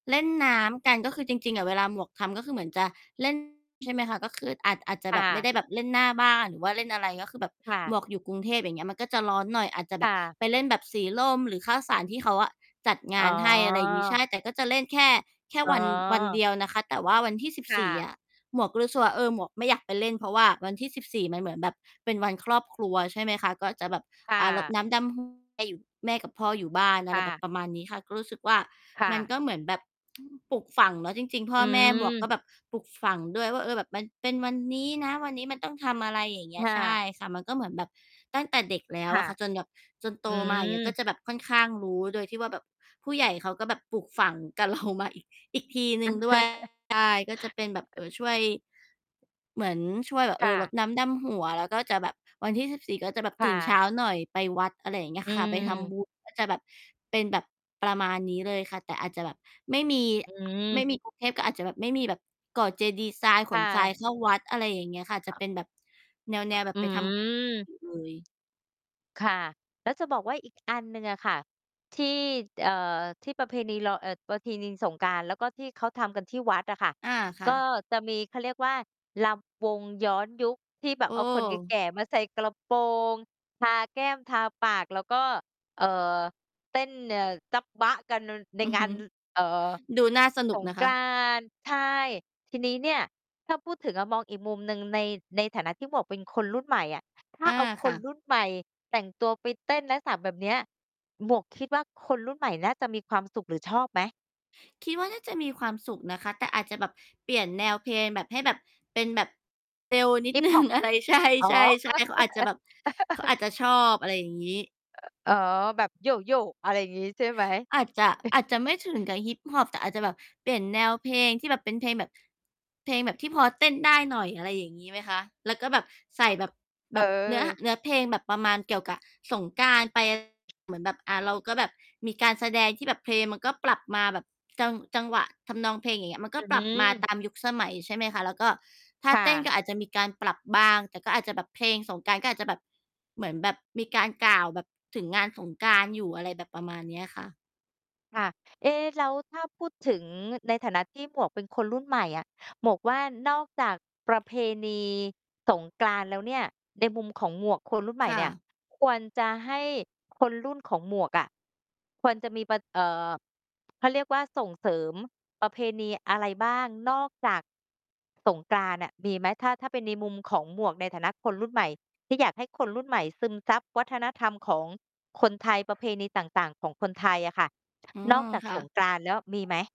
เล่นน้ำกัน ก็คือจริง ๆ อะ เวลาหมวกทำ ก็คือเหมือนจะ เล่น ใช่ไหมคะ ก็ คืออาจ อาจจะคแบ่บไม่ะ ได้แบบเล่นหน้าบ้าน หรือว่าเล่นอะไร ก็คือแบบค่หะ มวกอยู่กรุงเทพ อย่างเงี้ย มันก็จะร้อนหน่อย อาจจะคแบ่บะ ไปเล่นแบบสีลมหรือข้าวสาร ที่เขาอะจัดงอ๋านให้ อะไรอย่างงี้ อ ใช่ แต่ก็จะเล่นแค่ แค่อ๋วัน วันเดอ ียวนะคะ แต่ว่าวันที่ สิบคส่ี่ ะ อะ หมวกก็รู้สึกว่า เออ หมวกไม่อยากไปเล่น เพราะว่าวันที่ 14 มันเหมือนแบบเป็นวันครอบครัว ใช่ไหมคะ ก็จะแบบ ค่อ่า รดะ น้ำดำ หัว จะอยู่ แม่กับพ่ออยู่บ้าน อะคไ่ระ ประมาณแบบนี้ค่ะ ก็รู้สึกว่าค่มันะ ก็เหมือนแบบ อืม ปลูกฝังเนาะ จริง ๆ พอ่อแม่หมวกืม ก็แบบปลูกฝังด้วยว่า "เออ แบบมันเป็นวันนี้นะ วันนี้มันต้องทำอะไร" อย่างเงี้คย ่ใชะ ่ค่ะ มันก็เหมือนแบบตั้งแต่เด็กแล้คว่อะ ะค่ะ จนแบบ จนโตอืมา อย่างเงี้ย ก็ม จะแบบค่อนข้างรู้ โดยที่ว่าแบบผู้ใหญ่เขาก็แบบปลูกฝัง กับเรา มาอีก อีกทีหนอึื่ง ม ด้วย ใช่ ก็จะเป็นแบบ เอ่อ ช่วย เหมือนช่วยแบบ คเอ่อ รดะ น้ำดำหัว แล้วก็จะแบบ วันที่ 14 ก็แบบคต่ื่นเชะ ้าหน่อยไปวัด อะไรอย่างเงี้อยืค่ะ ไปทำ บม ุญ ก็จะแบบเป็นแบบประมาณนี้เลยค่ะ แต่อาจจะแบบไม่มี อไมืม ่มี กรุง เทพก็อาจจะแบบไม่มีแบบก่อเจดีย์ทราย คข่นทรายะ เข้าวัด อะไรอย่างเงี้ยค่ะ อาจจะเป็นแบบแนว ๆ แบอืบไปทำ ม อ เลย ค่ะ แล้วจะบอกว่าอีก อันหนึ่งอะค่ะ ที่ เอ่อ ที่ประเพณีลอ เอ่อ ประเพณีสงกรานต์ แล้วก็ที่เขาทำกันที่วัดอะค่ะ อา ค่ก็ะ จะมี เขาเรียกว่า รำวงย้อนยุค ที่แบบเอาคนแเออ ก่ ๆ มาใส่กระโปรง ทาแก้ม ทาปาก แล้วก็ เอ่อ เต้น เอ่อ จ้ำบ๊ะกัน น ในอืองฮาึ น น เอ่อ ดูน่าสนสุกงนะกคระ านต์ ใช่ ทีนี้เนี่ย ถ้าพูดถึงอะ มองอีกมุมหนึ่งใน ในฐานะที่หมวกเป็นคนรุ่นใหม่อะ ถ้าอา เอาคค่นะ รุ่นใหม่แต่งตัวไปเต้นลักษณะแบบเนี้ย หมวกคิดว่าคนรุ่นใหม่น่าจะมีความสุขหรือชอบไหม? คิดว่าน่าจะมีความสุขนะคะ แต่อาจจะแบบเปลี่ยนแนวเพลง แบบ ให้แบบ เป็นแบบ เร็วนิฮด ิปหนึฮ่อง ป อะไร ใชอ๋อ ่ ๆ ๆ เขาอาจจะแบบ เขาอาจจะชอบ อะไรอย่างงี้ อ๋อ แบบโย่ ๆ อะไรอย่างงี้ ใช่ไหม? อาจจะ เออาจอ จะไม่ถึงกับฮิปฮอป แต่อาจจะแบบเปลี่ยนแนวเพลงที่แบบเป็นเพลงแบบ เพลงแบบที่พอเต้นได้หน่อย อะไรอย่างงี้ไหมคะ แล้วก็แบบใส่แบบ เแบบเนื้อ ห ออ เนื้อเพลงแบบประมาณเกี่ยวกับสงกรานต์ ไป เหมือนแบบ อา เราก็แบบมีการแสดงที่แบบเพลงมันก็ปรับมา แบบจัง จังหวะทำนองเพลง อย่างเงี้ย มันกอ็ื้อปฮรัืบมาอ ตามยุคสมัย ใช่ไหมคะ แล้วก็ท่าค่เต้นะ ก็อาจจะมีการปรับบ้าง แต่ก็อาจจะแบบเพลงสงกรานต์ ก็อาจจะแบบ เหมือนแบบมีการกล่าว แบบถึงงานสงกรานต์ อยู่ อะไรแบบประมาณเนี้ยค่ะ ค่ะ เอ๊ แล้วถ้าพูดถึงในฐานะที่หมวกเป็นคนรุ่นใหม่อะ หมวกว่านอกจากประเพณีสงกรานต์แล้วเนี่ย ในมุมของหมวก คนรุ่นใหมค่่เนี่ย ะ ควรจะให้คนรุ่นของหมวกอะ ควรจะมีปะ เอ่อ เขาเรียกว่าส่งเสริมประเพณีอะไรบ้าง นอกจาก สงกรานต์น่ะ มีไหม? ถ้า ถ้าเป็นในมุมของหมวกในฐานะคนรุ่นใหม่ ที่อยากให้คนรุ่นใหม่ซึมซับวัฒนธรรมของคนไทย ประเพณีต่าง ๆ ของคนไทยอะค่ะ อืนอม กจากค่ะ สงกรานต์แล้วมีไหม?